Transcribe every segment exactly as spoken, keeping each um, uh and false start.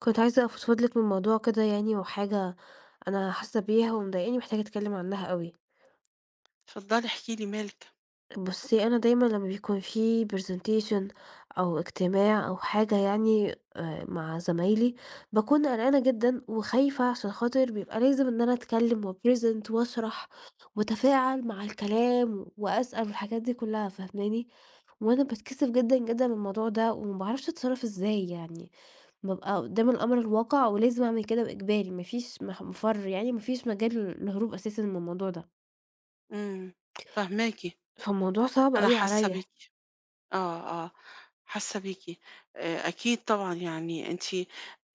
كنت عايزة أفضفض لِك من موضوع كده يعني وحاجة أنا حاسة بيها ومضايقاني ومحتاجة أتكلّم عنها أوي. اتفضلي احكي لي مالِك. بُصّي أنا دايمًا لمّا بيكون في presentation أو اجتماع أو حاجة يعني، آآ، مع زمايلي باكون قلقانة جدًا وخايفة عشان خاطر بيبقى لازم إن أنا أتكلّم وأpresent واشرح واتفاعل مع الكلام وأسأل والحاجات دي كلّها، فاهماني؟ وأنا باتكسف جدًا، جدًا، من الموضوع ده وما باعرفش أتصرف إزاي يعني، بابقى قدام الأمر الواقع ولازم أعمل كده وإجباري ما فيش مح مفرّ يعني ما فيش مجال للهروب أساسًا من الموضوع ده. إمم فاهماكِ. فالموضوع صعب أنا أوي حاسة عليَّ. بيكِ، آه، آه، حاسة بيكِ، آآ، أكيد طبعًا يعني أنتِ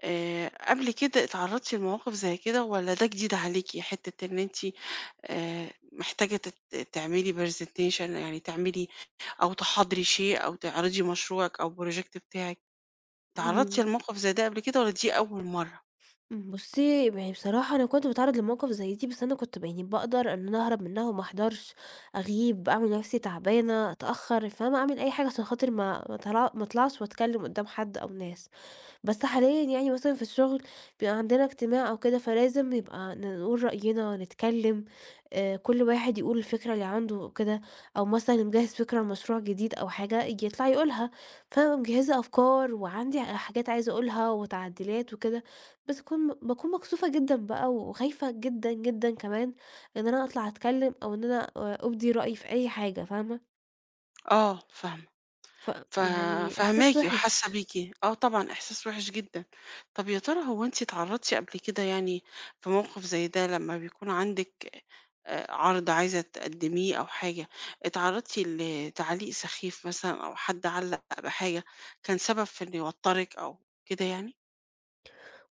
آآ، قبل كده اتعرضتِ لمواقف زي كده والّا ده جديد عليكِ حتة إن أنتِ آآ، محتاجة تت تعملي presentation يعني تعملي أو تحاضري شئ أو تعرضي مشروعِك أو project بتاعِك، اتعرضتِ امم. لموقف زي ده قبل كده والّا دي أول مَرّة؟ إمم، بُصّي ما هي بصراحة أنا كنت باتعرّض لمواقف زي دي، بس أنا كنت ب يعني باقدر إن أنا أهرب منّها وما احضرش، أغيب، أعمل نَفسي تعبانة، اتأخر، فاهمة، أعمل أي حاجة عشان خاطر ما ما طلع ما اطلعش واتكلّم قدّام حد أو ناس. بس حاليًا يعني مثلًا في الشغل بيبقى عندنا اجتماع أو كده فلازم يبقى نقول رأينا، نتكلّم، آآ، كُلّ واحد يقول الفكرة اللي عنده كده، أو مثلًا اللي مجهّز فكرة لمشروع جديد أو حاجة ييجي يطلع يقولها، فأنا مجهّزة أفكار وعندي حاجات عايزة أقولها وتعديلات وكده بس اكون باكون مكسوفة جدًا بقى وخايفة جدًا، جدًا، كمان إن أنا أطلع أتكلّم أو إن أنا أ أُبدي رأيي في أي حاجة، فاهمة؟ آه فاهمة. ف ف يعني فاهماكِ إحساس وحاسة وِحِش. بيكِ، آه طبعًا، إحساس وِحِش جدًا. طَب يا ترى هو أنتِ اتعرَّضتِ قبل كده يعني في موقف زي ده لمّا بيكون عندِك آآ عَرْض عايزة تقدِّميه أو حاجة، اتعرَّضتِ لتعليق سخيف مثلًا أو حد علَّق بحاجة كان سبب في إن يوتَّرِك أو كده يعني؟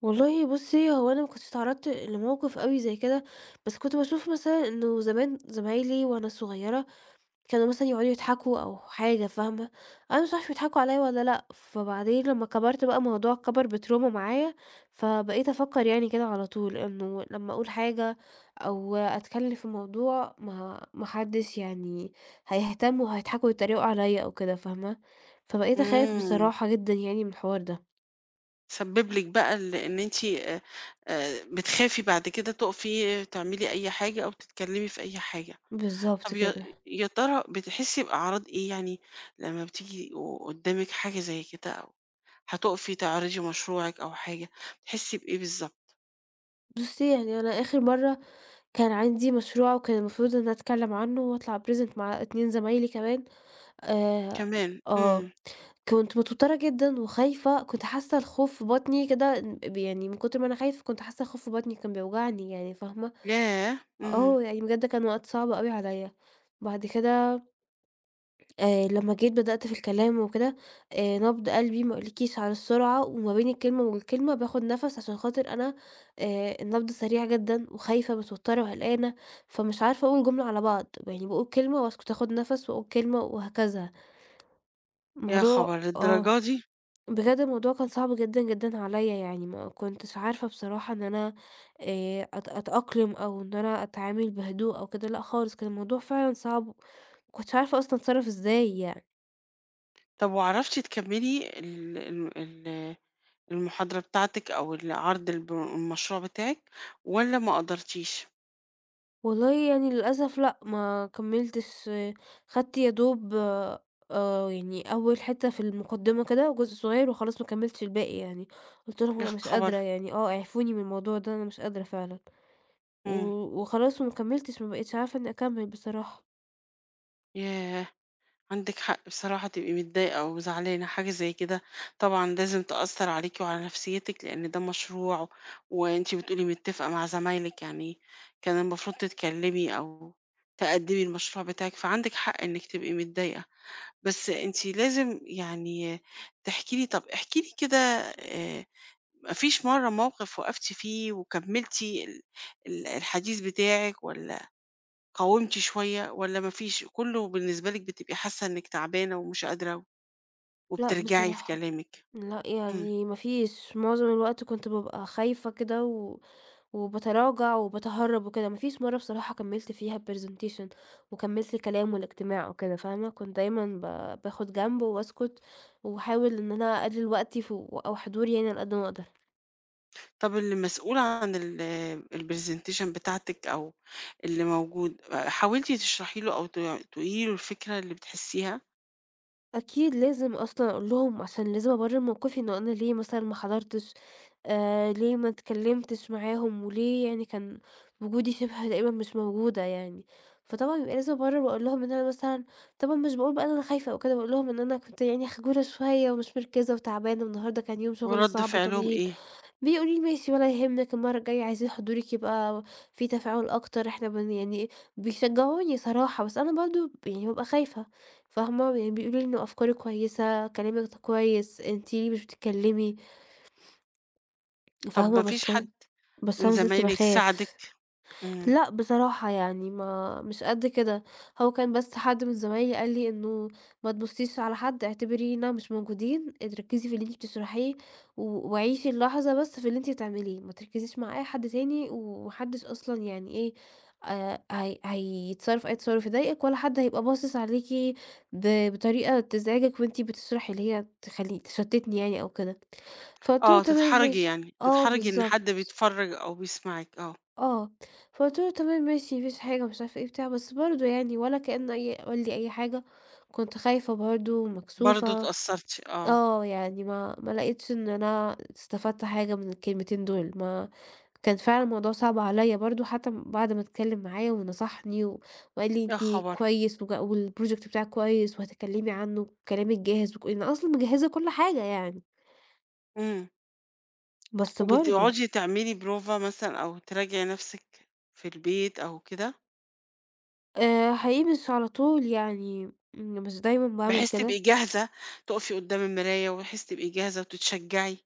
والله بُصّي، هو أنا ما كنتش اتعرّضت لموقف أوي زي كده، بس كنت باشوف مثلًا إنه زمان زمايلي وأنا صغيرة كانوا مثلًا يقعدوا يضحكوا أو حاجة فاهمة، أنا مش عارفة بيضحكوا عليّا والّا لأ، فبعدين لمّا كبرْت بقى الموضوع كبْر بtrauma معايا، فبقيت أفكّر يعني كده على طول إنه لمّا أقول حاجة أو أتكلّم في موضوع ما ما حدّش يعني هيهتم وهيضحكوا ويتّريقوا عليّا أو كده فاهمة، فبقيت أخاف إمم. بصراحة جدًا يعني من الحوار ده. سَبِّب لِك بقى ال إن أنتِ آآ بتخافي بعد كده تُقفي تعملي أي حاجة أو تتكلّمي في أي حاجة. بالضبط طَب يا كده. يا ترى بتحسّي بأعراض إيه يعني لمّا بتيجي و وقُدّامِك حاجة زي كده أو هتُقفي تعرضي مشروعِك أو حاجة، بتحسّي بإيه بالضبط؟ بُصّي يعني أنا آخر مَرّة كان عندي مشروع وكان المفروض إن أتكلّم عنه وأطلع أpresent مع اتنين زمايلي كمان، آآ كمان! آه إمم. كنت متوترة جدًا وخايفة، كنت حاسة الخوف في بطني كده ن ب يعني من كُتر ما أنا خايفة كنت حاسة الخوف في بطني كان بيوجعني، يعني فاهمة؟ ياه! إمم. آه يعني بجد كان وقت صعب أوي عليَّ. بعد كده آآ، لمّا جيت بدأت في الكلام وكده، آآ، نبض قلبي ما اقولكيش على السرعة، وما بين الكلمة والكلمة باخُد نَفَس عشان خاطر أنا آآ، النبض سريع جدًا وخايفة متوترة وقلقانة، فمش عارفة اقول جملة على بعض، م يعني باقول كلمة واسكت اخُد نَفَس واقول كلمة وهكذا. يا موضوع خبر آه، للدرجة دي! بجد الموضوع كان صعب جدًا، جدًا، عليَّ يعني ما كُنتش عارفة بصراحة إن أنا آآ، أت أتأقلم أو إن أنا أتعامل بهدوء أو كده، لأ خالص كان الموضوع فعلًا صعب، ما كُنتش عارفة أصلًا أتصرف إزاي يعني. طب وعرفتِ تكملي ال ال ال المحاضرة بتاعتِك أو العرض الب المشروع بتاعِك والّا ما قدرتيِش؟ والله يعني للأسف لأ ما كمِّلتش، خدت يا دوب آآ يعني أول حتّة في المقدمة كده وجزء صغير وخلاص ما كمِّلتش الباقي يعني، قُلت لهم: يا "أنا مش قادرة خبر! يعني آه اعفوني من الموضوع ده، أنا مش قادرة فعلًا." و إمم. وخلاص وما كمِّلتش ما بقيتش عارفة إنّي أكمِّل بصراحة. ياه! عندِك حق بصراحة تبقي متضايقة وزعلانة، حاجة زي كده طبعًا لازم تأثّر عليكِ وعلى نفسيّتِك، لإن ده مشروع وأنتِ بتقولي متّفقة مع زمايلِك يعني كان المفروض تتكلّمي أو تقدّمي المشروع بتاعِك، فعندِك حق إنِّك تبقي متضايقة. بس أنتِ لازم يعني تحكي لي، طَب احكي لي كده آآ ما فيش مرّة موقف وقفتِ فيه وكمِّلتِ ال ال الحديث بتاعِك والّا قاومتِ شوية والّا ما فيش كُلّه بالنسبة لِك بتبقي حاسّة إنِّك تعبانة ومش قادرة لأ وبترجعي في بصراحة. كلامِك؟ لأ، إمم. يعني ما فيش، معظم الوقت كنت بابقى خايفة كده و وباتراجع وباتهرَّب وكده، ما فيش مرّة بصراحة كمِّلت فيها الpresentation وكمِّلت الكلام والإجتماع وكده فاهمة، كنت دايمًا ب باخُد جنب وباسكُت وأحاول إن أنا أقلِّل وقتي ف أو حضوري يعني على قد ما أقدر. طَب اللي مسؤول عن ال الpresentation بتاعتِك أو اللي موجود، حاولتِ تشرحي له أو ت تقولي له الفكرة اللي بتحسيها؟ أكيد لازم أصلًا أقول لهم، عشان لازم أبرر موقفي إنه أنا ليه مثلًا ما حضرتش، آآ ليه ما اتكلّمتش معاهم، وليه يعني كان وجودي شبه تقريبًا مش موجودة يعني، فطبعًا يبقى لازم أبرر، وأقول لهُم إن أنا مثلًا طبعًا مش باقول بقى إن أنا خايفة أو كده، باقول لهم: "إن أنا كنت يعني خجولة شوية، ومش مركِّزة وتعبانة، النهارده كان يوم شغل وردّ صعب فعلهُم وطويل." إيه؟ بيقولوا لي: "ماشي ولا يهمِّك، المرة الجاية عايزين حضورِك يبقى في تفاعل أكتر، إحنا بن" يعني إيه بيشجعوني صراحة، بس أنا برضه ب يعني بابقى خايفة فاهمة؟ ويعني بيقولوا لي إن أفكاري كويسة، كلامِك ده كويس، أنتِ ليه مش بتتكلمي. طَب فاهمة ما فيش بس حد، أنا بس من أنا ما زلت زمايلِك ساعدِك؟ باخاف. امم. لأ بصراحة، يعني ما مش قد كده، هو كان بس حد من زمايلي قال لي: "إنه ما تبصيش على حد، اعتبرينا مش موجودين، أنتِ ركِّزي في اللي أنتِ بتشرحيه، و وعيشي اللحظة بس في اللي أنتِ بتعمليه ما تركزيش مع أي حد تاني، وما حدِّش أصلًا يعني إيه آآ هي هيتصرف أي تصرف يضايقِك ولا حد هيبقى باصص عليكِ ب بطريقة تزعجِك وأنتِ بتشرحي، اللي هي تخلي تشتتني يعني أو كده." فقُلت له: آه "تمام تتحرجي ماشي." يعني، آه، تتحرجي إن بالضبط. حد بيتفرّج أو بيسمعِك آه. آه، فقُلت له: "تمام ماشي، ما فيش حاجة." ومش عارفة إيه وبتاع، بس برضه يعني ولا كأنه أي قال لي أي حاجة، وكنت خايفة برضه، برضه ومكسوفة اتأثّرتِ، آه. آه، يعني ما ما لقيتش إن أنا استفدت حاجة من الكلمتين دُول، ما كان فعلًا الموضوع صعب عليّا برضه حتى بعد ما اتكلّم معايا ونصحني و وقال لي: يا "أنتِ خبر! كويس و والproject بتاعِك كويس، وهتتكلّمي عنه وكلامِك جاهز، وك لأن أصلًا مجهِّزة كل حاجة يعني." إمم. بس برضه وبتقعُدي تعملي بروفة مثلًا أو تراجعي نَفْسِك في البيت أو كده؟ آآ حقيقي مش على طول يعني م مش دايمًا باعمل بحيث تبقى كده. جاهزة، تُقفي قدّام المراية وبحيث تبقى جاهزة وتتشجّعي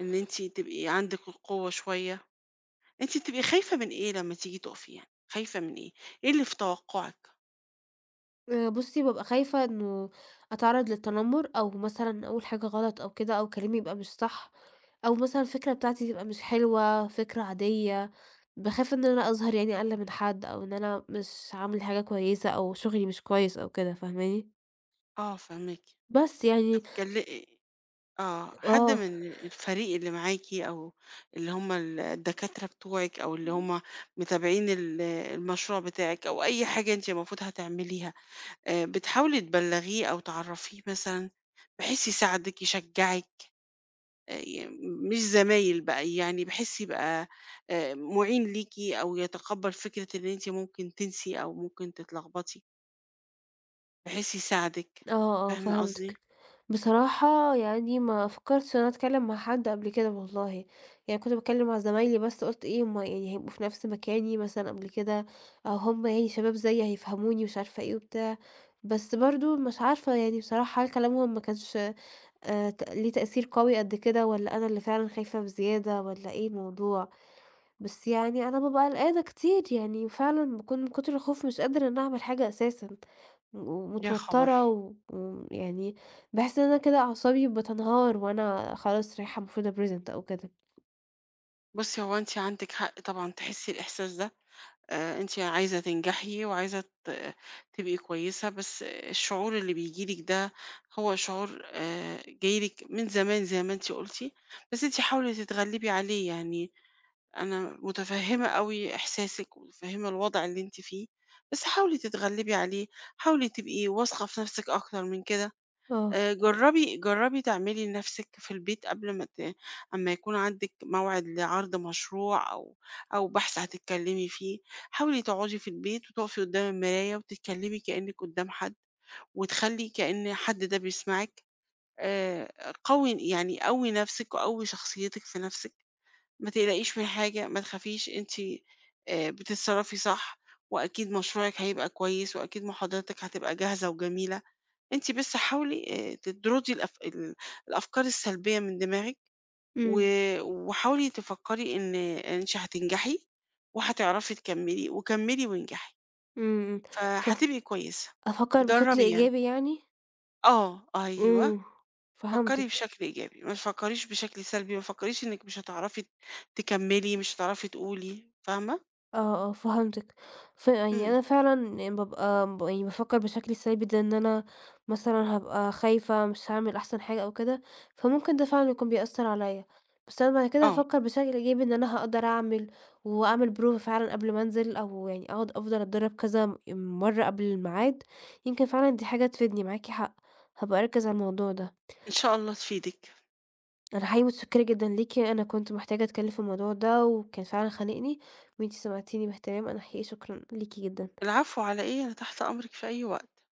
إن أنتِ تبقي عندِك القوة شوية. أنتِ بتبقى خايفة من إيه لمّا تيجي تُقفي يعني، خايفة من إيه، إيه اللي في توقُّعِك؟ آآ بُصّي، بابقى خايفة إنه أتعرّض للتنمُّر أو مثلًا أقول حاجة غلط أو كده أو كلامي يبقى مش صح أو مثلًا الفكرة بتاعتي تبقى مش حلوة، فكرة عادية. باخاف إن أنا أظهر يعني أقل من حد أو إن أنا مش عاملة حاجة كويسة أو شُغلي مش كويس أو كده فاهماني؟ آه فاهماكِ، بس، طَب يعني كل أ آه، حد آه. من الفريق اللي معاكِ أو اللي هم ال الدكاترة بتوعِك أو اللي [unintelligible] هم متابعين ال المشروع بتاعِك أو أي حاجة أنتِ المفروض هتعمليها، آآ بتحاولي تبلّغيه أو تعرّفيه مثلًا بحيث يساعدِك، يشجّعِك آآ يم م مش زمايل بقى يعني بحيث يبقى آآ مُعين ليكِ أو يتقبّل فكرة إن أنتِ ممكن تنسي أو ممكن تتلغبطي؟ بحيث يساعدِك، آه، آه فاهمة قصدي؟ فهمتِك، بصراحة يعني ما فكرتش إن أنا أتكلم مع حد قبل كده والله، يعني كنت باتكلم مع زمايلي بس قُلت إيه هُم هيبقوا في نَفس مكاني مثلًا قبل كده، هُم يعني شباب زي هيفهموني مش عارفة إيه وبتاع، بس برضو مش عارفة يعني بصراحة هل كلامهُم ما كانش آآ، ت ليه تأثير قوي قدّ كده والّا أنا اللي فعلًا خايفة بزيادة والّا إيه الموضوع؟ بس يعني أنا بابقى قلقانة كتير، يعني فعلًا باكون من كتر الخوف مش قادرة إن أعمل حاجة أساسًا، يا خبر! ومتوترة و ويعني باحس إن أنا كده أعصابي بتنهار وأنا خلاص رايحة المفروضة أpresent أو كده. بُصّي هو أنتِ عندِك حق طبعًا تحسي الإحساس ده، آآ، أنتِ عايزة تنجحي وعايزة ت تبقي كويسة، بس الشعور اللي بييجي لكِ ده هو شعور آآ، جاي لِك من زمان زي ما أنتِ قُلتِ، بس أنتِ حاولي تتغلبي عليه يعني، أنا مُتفهّمة أوي إحساسِك ومتفهّمة الوضع اللي أنتِ فيه، بس حاولي تتغلبي عليه، حاولي تبقي واثقة في نَفسِك أكثر من كده، آه. آآ، جربي جربي تعملي لنَفسِك في البيت قبل ما ت امّا يكون عندِك موعِد لعرض مشروع أو أو بحث هتتكلمي فيه، حاولي تقعدي في البيت وتقفي قدّام المراية وتتكلمي كأنِّك قدّام حد وتخلّي كأن حد ده بيسمعِك، آآ، قوّي يعني قوّي نَفسِك وقوّي شخصيتِك في نَفسِك، ما تقلقيش من حاجة، ما تخافيش، أنتِ آآ، بتتصرفي صح وأكيد مشروعِك هيبقى كويس وأكيد محاضراتِك هتبقى جاهزة وجميلة، أنتِ بس حاولي آآ تدرُدي الأف ال الأفكار السلبية من دماغِك و إمم. وحاولي تفكري إن إن أنتِ هتنجحي، وهتعرفي تكمّلي وكمّلي وانجحي. إمم، إمم، ف فهتبقي كويسة، أفكَّر بشكل جرّبي يعني. إيجابي يعني؟ آه، أيوه، إمم فكّري فهمتِك. بشكل إيجابي ما تفكريش بشكل سلبي متفكريش إنِّك مش هتعرفي ت تكمّلي مش هتعرفي تقولي، فاهمة؟ آه، آه، فهمتِك، ف يعني إمم. أنا فعلًا بابقى ب يعني بافكر بشكل ثابت زي إن أنا مثلًا هابقى خايفة مش هاعمل أحسن حاجة أو كده، فممكن ده فعلًا يكون بيأثر عليَّ، بس أنا بعد كده آه. هافكر بشكل إيجابي إن أنا هاقدر أعمل وأعمل prova فعلًا قبل ما أنزل، أو يعني أقعد أفضل أتدرب كذا مَرّة قبل الميعاد، يمكن فعلًا دي حاجة تفيدني، معاكِ حق، هابقى أركز على الموضوع ده. إن شاء الله تفيدِك أنا حقيقي مُتشكرة جدًا ليكِ، أنا كنت محتاجة أتكلم في الموضوع ده وكان فعلًا خانقني، وأنتِ سمعتيني باهتمام، أنا حقيقي شكرًا ليكِ جدًا. العفو على إيه، أنا تحت أمرِك في أي وقت.